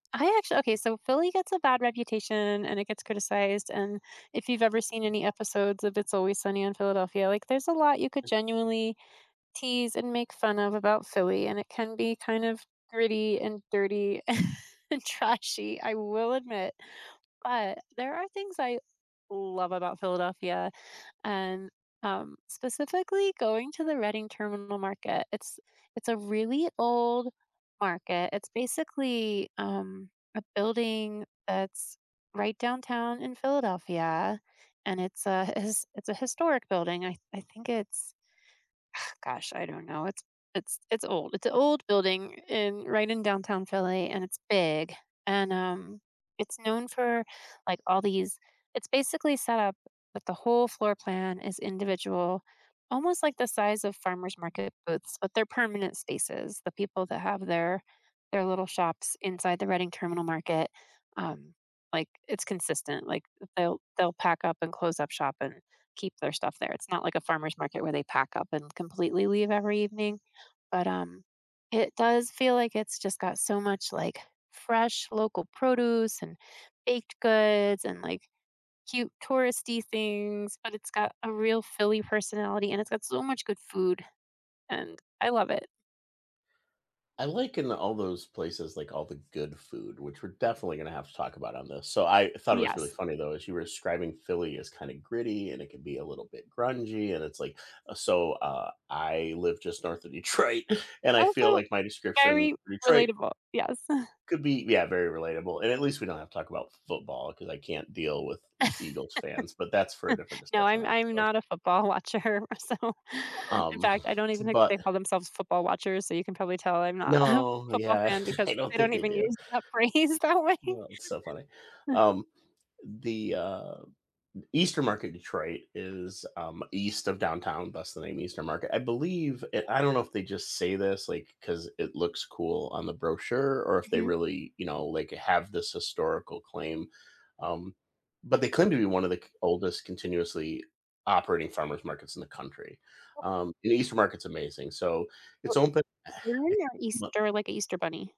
I actually okay, so Philly gets a bad reputation and it gets criticized and if you've ever seen any episodes of It's Always Sunny in Philadelphia, like there's a lot you could genuinely tease and make fun of about Philly, and it can be kind of gritty and dirty and trashy, I will admit, but there are things I love about Philadelphia and, um, specifically going to the Reading Terminal Market. It's it's a really old market, it's basically, um, a building that's right downtown in Philadelphia and it's a it's it's a historic building. I I think it's gosh, I don't know, it's it's it's old. It's a old building in right in downtown Philly and it's big and, um, it's known for, like, all these it's basically set up but the whole floor plan is individual, almost like the size of farmers' market booths, but they're permanent spaces, the people that have their their little shops inside the Reading Terminal Market, um like, it's consistent, like they'll they'll pack up and close up shop and keep their stuff there. It's not like a farmer's market where they pack up and completely leave every evening, but, um, it does feel like it's just got so much, like, fresh local produce and baked goods and, like, cute touristy things, but it's got a real Philly personality and it's got so much good food and I love it. I like in all those places, like all the good food, which we're definitely gonna have to talk about on this. So I thought it was really Yes. funny though, as you were describing Philly is kinda gritty, and it could be a little bit grungy, and it's, like uh, so, uh, I live just north of Detroit, and I feel Also like my description very Detroit relatable, yes. could be, yeah, very relatable, and at least we don't have to talk about f football, 'cause I can't deal with E Eagles fans, but that's for a different No, discussion, I'm I I'm suppose. not a football watcher, so, U in um, fact, I don't even think they but call themselves football watchers, so you can probably tell I'm not a No, football yeah, fan I because don't they think don't they even do. use that phrase that way. Well, it's so funny. Um, the, uh, E Eastern Market in Detroit is, um, east of downtown, that's the name Eastern Market. I believe it I don't know if they just say this like 'cause it looks cool on the brochure, or if they Mhm. really, you know, like, have this historical claim, um, but they claim to be one of the c oldest continuously operating farmers' markets in the country. [unintelligible] Um, and the Eastern Market is amazing, so Oh it's open I [unintelligible] ma Easter like a Easter bunny.